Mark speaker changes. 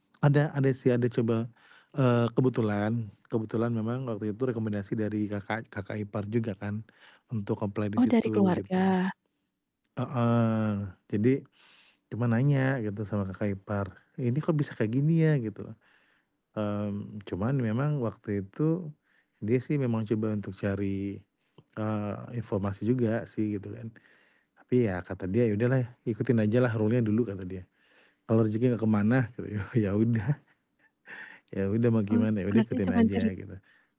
Speaker 1: Ada ada sih, ada coba, eee, kebetulan kebetulan memang waktu itu rekomendasi dari kakak kakak ipar juga kan untuk apply di
Speaker 2: Oh dari
Speaker 1: situ gitu loh.
Speaker 2: keluarga.
Speaker 1: Heeh, jadi, cuma nanya gitu sama kakak ipar, "Ini kok bisa kayak gini ya?" Gitu. Mmm, cuman memang waktu itu dia sih memang coba untuk cari, eee, informasi juga sih gitu kan, tapi ya kata dia, "Ya udahlah ikutin ajalah rule-nya dulu," kata dia, "kalau rezeki gak kemana." E ya ya udah. Ya udah mau
Speaker 2: Oh,
Speaker 1: gimana, ya udah
Speaker 2: berarti
Speaker 1: ikutin
Speaker 2: cuman ceri
Speaker 1: aja gitu.